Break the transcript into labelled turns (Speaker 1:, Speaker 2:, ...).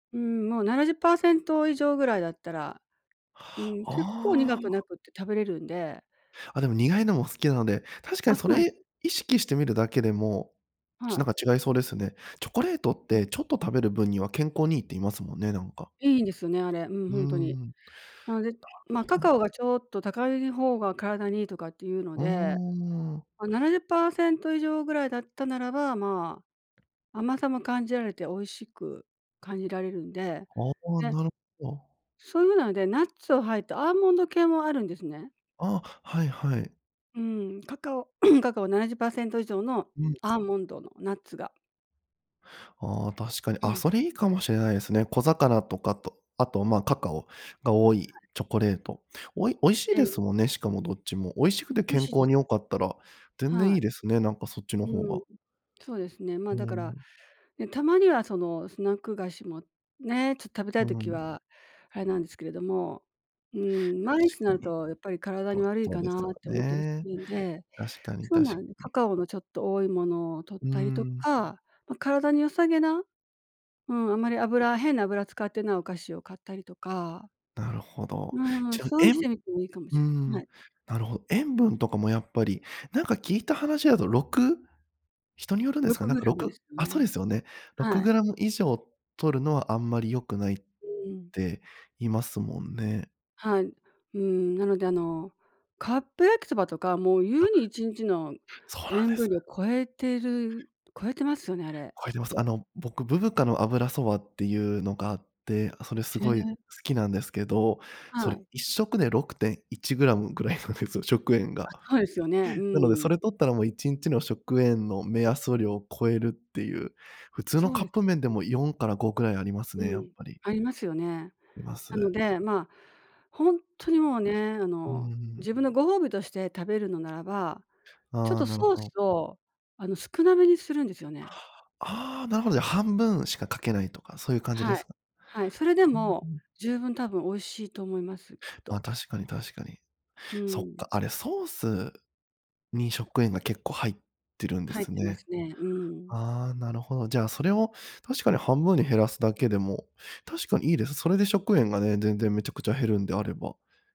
Speaker 1: うーん、もう70％以上ぐらいだったら、うん、結構
Speaker 2: あ
Speaker 1: 苦く
Speaker 2: あ。
Speaker 1: なくて食べれるんで。
Speaker 2: あ、でも、苦いのも好きなので。確か
Speaker 1: あ、
Speaker 2: に
Speaker 1: そ
Speaker 2: そ
Speaker 1: うなん
Speaker 2: れ、意識してみるだけでも、ち
Speaker 1: は
Speaker 2: なん
Speaker 1: い。
Speaker 2: か違いそうですね。チョコレートっ
Speaker 1: う
Speaker 2: て、
Speaker 1: ん。
Speaker 2: ちょっと食べる分には健康にいいって言いますもんね、なんか。
Speaker 1: いいんですよね、あれ、うん、
Speaker 2: う
Speaker 1: ほ
Speaker 2: ー
Speaker 1: んとに。
Speaker 2: ん。なる
Speaker 1: なので、まあ、
Speaker 2: ほ
Speaker 1: カ
Speaker 2: ど。
Speaker 1: カオがちょっと高い方が体にいいとかっていうの
Speaker 2: うー
Speaker 1: で、
Speaker 2: ん。
Speaker 1: ま、70％以上ぐらいだったならば、まあ、甘さも感じられて美味しく感じられるんで、
Speaker 2: ああ、
Speaker 1: ね。
Speaker 2: なるほど。
Speaker 1: そういうので、ナッツを入ったアーモンド系もあるんですね。
Speaker 2: ああ、はいはい。
Speaker 1: うん、カカオ カカオ79％以上の
Speaker 2: うん。
Speaker 1: アーモンドのナッツが
Speaker 2: ああ、確かに。
Speaker 1: う
Speaker 2: あ、
Speaker 1: ん。
Speaker 2: それ、いいかもしれないですね。小魚とかと、あと、ま、カカオが多
Speaker 1: は
Speaker 2: い
Speaker 1: い。
Speaker 2: チョコレート。おい美味しい
Speaker 1: え
Speaker 2: で
Speaker 1: え。
Speaker 2: すもんね、しかもどっちも。美味しくて
Speaker 1: 美味
Speaker 2: 健
Speaker 1: しいで
Speaker 2: 康
Speaker 1: す。
Speaker 2: に良かったら、全然
Speaker 1: は
Speaker 2: い
Speaker 1: い。
Speaker 2: いですね、なんか、そっちの方
Speaker 1: うん。
Speaker 2: が。
Speaker 1: そうですね。
Speaker 2: う
Speaker 1: ま、
Speaker 2: ー
Speaker 1: だから、
Speaker 2: ん。
Speaker 1: ね、たまにはその、スナック菓子もね、ちょっと食べた
Speaker 2: う
Speaker 1: い
Speaker 2: ー
Speaker 1: 時
Speaker 2: ん。
Speaker 1: は、あれなんですけれども。うーん、毎日
Speaker 2: 確
Speaker 1: に
Speaker 2: か
Speaker 1: なる
Speaker 2: に。
Speaker 1: と、やっぱり体
Speaker 2: そう、
Speaker 1: に悪い
Speaker 2: そう
Speaker 1: か
Speaker 2: です
Speaker 1: な
Speaker 2: よ
Speaker 1: って思ったりす
Speaker 2: ね。
Speaker 1: るんで。
Speaker 2: 確かに、
Speaker 1: そう
Speaker 2: 確
Speaker 1: な
Speaker 2: か
Speaker 1: んです、カ
Speaker 2: に。
Speaker 1: カオのちょっと多いものを取っ
Speaker 2: うー
Speaker 1: たりと
Speaker 2: ん。
Speaker 1: か、ま、体に良さげな、うん、あんまり油変な油使ってないお菓子を買ったりとか。
Speaker 2: なるほ
Speaker 1: う
Speaker 2: ど。
Speaker 1: ーん、
Speaker 2: じゃ、
Speaker 1: そうに
Speaker 2: え
Speaker 1: し
Speaker 2: んう
Speaker 1: てみてもいいかも
Speaker 2: ー
Speaker 1: しれない。
Speaker 2: ん、
Speaker 1: はい。
Speaker 2: なるほど。塩分とかもやっぱりなんか聞いた話だと6人によるんで
Speaker 1: ろ
Speaker 2: すか？
Speaker 1: く
Speaker 2: なん
Speaker 1: グ
Speaker 2: か
Speaker 1: ラ
Speaker 2: ろ
Speaker 1: ムで
Speaker 2: く
Speaker 1: すよ
Speaker 2: あ、そうで
Speaker 1: ね。
Speaker 2: すよね。ろく
Speaker 1: はい。
Speaker 2: グラム以上摂るのは、あんまり良くないっ
Speaker 1: うーん。
Speaker 2: て言いますもんね。
Speaker 1: はい。うん、なので、あの、カップ焼きそばとかもう、ゆう
Speaker 2: あ
Speaker 1: に1日の
Speaker 2: そうなん
Speaker 1: 塩
Speaker 2: で
Speaker 1: 分
Speaker 2: す。
Speaker 1: 量超えてる超えてますよね、あれ、
Speaker 2: 超
Speaker 1: き
Speaker 2: え
Speaker 1: っ
Speaker 2: てます。あ
Speaker 1: と。
Speaker 2: の、僕、ブブカの油そばっていうのがあって、あ、それす
Speaker 1: へ
Speaker 2: ごい好
Speaker 1: え。
Speaker 2: きなんですけど、そ
Speaker 1: は
Speaker 2: れ、
Speaker 1: い。
Speaker 2: 1食で6.1gぐらいなんですよ食塩
Speaker 1: あ、
Speaker 2: が。
Speaker 1: そうですよね。う
Speaker 2: なので、
Speaker 1: ー
Speaker 2: そ
Speaker 1: ん。
Speaker 2: れ摂ったら、もう1日の食塩の目安量を超えるっていう。普通の
Speaker 1: そう
Speaker 2: カッ
Speaker 1: で
Speaker 2: プ麺で
Speaker 1: す。
Speaker 2: も4から5ぐらいあります
Speaker 1: う
Speaker 2: ね、やっ
Speaker 1: ん、
Speaker 2: ぱり。
Speaker 1: ありますよね。
Speaker 2: りま
Speaker 1: なの
Speaker 2: す。
Speaker 1: で、まあ、ほんとにもうね、あ
Speaker 2: うー
Speaker 1: の、
Speaker 2: ん。
Speaker 1: 自分のご褒美として食べるのならば、ちょっ
Speaker 2: ああ、
Speaker 1: と
Speaker 2: なる
Speaker 1: ソー
Speaker 2: ほど。
Speaker 1: スをあの、少なめにするんですよね。
Speaker 2: ああ、なるほど。半分しかかけないとか、そういう感じで
Speaker 1: は
Speaker 2: す
Speaker 1: い。
Speaker 2: か？
Speaker 1: はい。それで
Speaker 2: ふん、ふ
Speaker 1: も
Speaker 2: ん。
Speaker 1: 十分多分美味しいと思います、きっ
Speaker 2: ま、
Speaker 1: と。
Speaker 2: 確かに確かに。
Speaker 1: う
Speaker 2: そっ
Speaker 1: ーん。
Speaker 2: か、あれ、ソースに食塩が結構入ってるんで
Speaker 1: 入っ
Speaker 2: す
Speaker 1: てま
Speaker 2: ね。
Speaker 1: すね。うーん。
Speaker 2: ああ、なるほど。じゃあ、それを確かに半分に減らすだけでも、確かにいいです。それで食塩がね、全然めちゃくちゃ減るんであれば。